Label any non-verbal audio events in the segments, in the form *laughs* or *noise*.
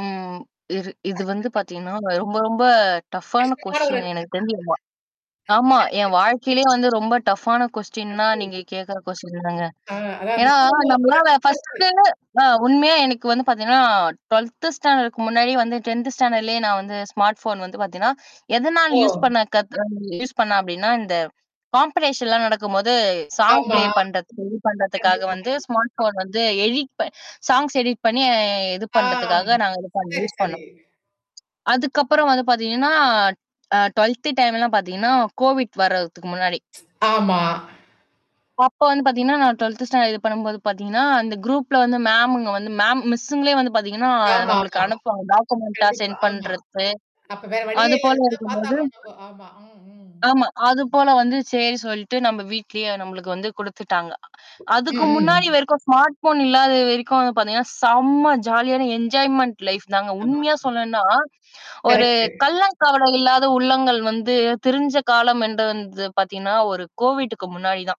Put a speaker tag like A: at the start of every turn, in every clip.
A: ம் இது இது வந்து
B: *laughs*
A: பார்த்தீங்கன்னா ரொம்ப, ரொம்ப டஃப்பான
B: நிச்சியமா ஒரு
A: கொஸ்டின்
B: சரி,
A: எனக்கு தெரிஞ்சி இதுதான். ஆமா.
B: சரி.
A: என் வாழ்க்கையிலே வந்து ரொம்ப டஃப்பான கொஸ்டின்னா நீங்க
B: ஐய்யோ!
A: கேட்கற கொஸ்டின் தாங்க.
B: ஆ அதாவது
A: ஏன்னா
B: சூழலே அவ்வளோ
A: நம்மளால
B: டஃப்ஃபா இருக்கு.
A: ஃபர்ஸ்ட்டு அ உண்மையா எனக்கு வந்து பார்த்தீங்கன்னா, 12த் ஸ்டாண்டர்ட்க்கு முன்னாடி வந்து 10த் ஸ்டாண்டர்ட்லேயே நான் வந்து ஸ்மார்ட் ஃபோன் வந்து பார்த்தீங்கன்னா, எதனால் யூஸ்
B: ஓ!
A: பண்ண கத் யூஸ் பண்ணேன் அப்பிடின்னா, இந்த காம்படிஷன்லாம் நடக்கும்போது சாங்
B: ஆமா.
A: ப்ளே பண்றது, இது பண்றதுக்காக
B: கண்டிப்பா,
A: வந்து
B: கண்டிப்பா.
A: ஸ்மார்ட் ஃபோன் வந்து எடிட் ப சாங்ஸ் எடிட் பண்ணி இது
B: ஆ.
A: பண்றதுக்காக நாங்க இது பண்ண
B: சரி,
A: யூஸ்
B: சரி.
A: பண்ணோம். அதுக்கப்புறம் வந்து பார்த்தீங்கன்னா, அ 12 டைம்லாம் பார்த்தீங்கன்னா, COVID வரதுக்கு முன்னாடி
B: ஆமா.
A: அப்ப வந்து பார்த்தீங்கன்னா, நான் 12 ஸ்டாண்டர்ட் இது பண்ணும்போது பார்த்தீங்கன்னா, அந்த குரூப்ல வந்து மேமுங்க வந்து மேம் மிஸ்ஸுங்களே வந்து பார்த்தீங்கன்னா நம்மளுக்கு
B: ஆமாமா.
A: அனுப்புவாங்க. டாக்குமெண்டா
B: கண்டிப்பா.
A: சென்ட்
B: ஆமா.
A: பண்றது.
B: அப்ப வேற வழியே
A: அது
B: இல்ல.
A: போல
B: அதுலதான்
A: இருக்கும்போது
B: பார்த்தாக்கணும் நம்ப. ஆமா. ம். ம்.
A: ஆமா. அது போல வந்து சரி சொல்லிட்டு நம்ம வீட்லயே நம்மளுக்கு வந்து குடுத்துட்டாங்க.
B: ம்,
A: அதுக்கு முன்னாடி
B: ம்.
A: வரைக்கும் ஸ்மார்ட் ஃபோன் இல்லாத வரைக்கும் வந்து பார்த்தீங்கன்னா, செம்ம ஜாலியான என்ஜாய்மென்ண்ட் லைஃப் தாங்க. உண்மையா
B: ஆமாமா.
A: சொல்லும்ன்னா, ஒரு
B: கரெக்ட்டு.
A: கள்ளம் கபட இல்லாத உள்ளங்கள் வந்து திரிஞ்ச காலம் என்று வந்தது பார்த்தீங்கன்னா, ஒரு COVIDக்கு முன்னாடி தான்.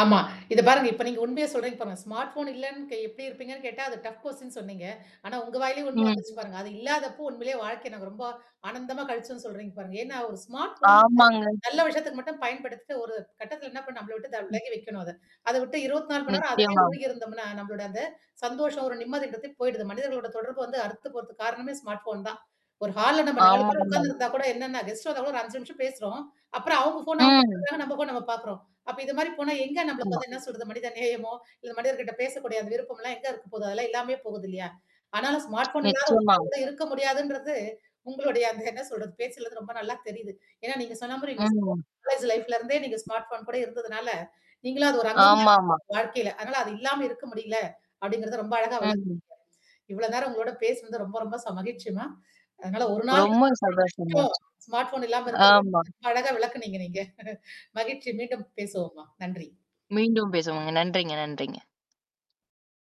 B: ஆமா. இத பாருங்க. இப்ப நீங்க உண்மையே சொல்றீங்க பாருங்க. ஸ்மார்ட் ஃபோன் இல்லன்னு கே எப்படி இருப்பீங்கன்னு கேட்டா, அது டஃப் கொஸ்டின்னு சொன்னீங்க. ஆனா உங்க வாயிலேயே உண்ம
A: ம்.
B: வந்துருச்சு பாருங்க. அது இல்லாதப்போ உண்மையிலே வாழ்க்கைய நாங்க ரொம்ப ஆனந்தமா கழிச்சோம்ன்னு சொல்றீங்க பாருங்க. ஏன்னா, ஒரு ஸ்மார்ட் ஃபோன் வந்து,
A: ஆமாங்க.
B: நல்ல விஷத்துக்கு மட்டும் பயன்படுத்திட்டு ஒரு கட்டத்துல என்ன பண்ண, நம்மள விட்டு த
A: ம்.
B: விலகி வைக்கணும் அத. அத விட்டு 24 மணி நேரம் அதிலேயே
A: நிச்சயமா.
B: மூழ்கி இருந்தோம்னா, நம்மளோட அந்த சந்தோஷம், ஒரு நிம்மதின்றது போயிடுது. மனிதர்களோட தொடர்பு வந்து அறுத்து போறத்துக்கு காரணமே ஸ்மார்ட் ஃபோன் தான். ஒரு ஹால்ல நம்ம 4 பேரும்
A: ஆமாமா.
B: உட்கார்ந்துருந்தா கூட என்னென்னா, கெஸ்ட் வந்த கூட ஒரு 5 நிமிஷம் பேசுறோம். அப்புறம் அவவுங்க ஃபோன் அவங்க
A: ம்.
B: எடுத்துக்குக்கறாங்க. நம்ம ஃபோன் நம்ம பார்க்குறோம். அப்ப இது மாரி போனா எங்க நம்மளுக்கு
A: ஆமா.
B: வந்து என்ன சொல்றது மனித நேயமோ இல்ல, மனதர்கிட்ட பேசக்கூடிய அந்த விருப்பம்லாம் எங்க இருக்க போகுது? அதெல்லாம் இல்லாமயே போகுது இல்லையா? ஆனாலும் ஸ்மார்ட் ஃபோன் இல்லாத
A: நிச்சயமா.
B: ஒருநாள் கூட இருக்க முடியாதுன்றது உங்களுடைய அந்த என்ன சொல்றது பேசுது ரொம்ப நல்லா தெரியுது. ஏன்னா நீங்க சொன்ன மாரி உங்க ஸ்கூல்
A: ம்.
B: காலேஜ் லைஃப்ல இருந்தே நீங்க ஸ்மார்ட் ஃபோன் கூட இருந்ததுனால, நீங்களும் அது ஒரு அங்கம்னு
A: ஆமாமா.
B: வாழ்க்கையில. அதனால அது இல்லாம இருக்க முடியல. அப்படிங்கிறத ரொம்ப அழகா விளக்குனீங்க.
A: ம்.
B: இவ்வளோ நேரம் உங்களோட பேசனது ரொம்ப ரொம்ப ச மகிழ்ச்சிமா. அதனால ஒரு நாள்
A: ரொம்ப சந்தோஷசம்ங்க.
B: *unintelligible* ஸ்மார்ட் ஃபோன் இல்லாம இருக்கிறது.
A: ஆமா.
B: அழகா விளக்கனீங்க நீங்க. *chuckles* மகிழ்ச்சி. மீண்டும் பேசுவோம் மா. நன்றி.
A: மீண்டும் பேசுவோங்க. நன்றிங்க. நன்றிங்க.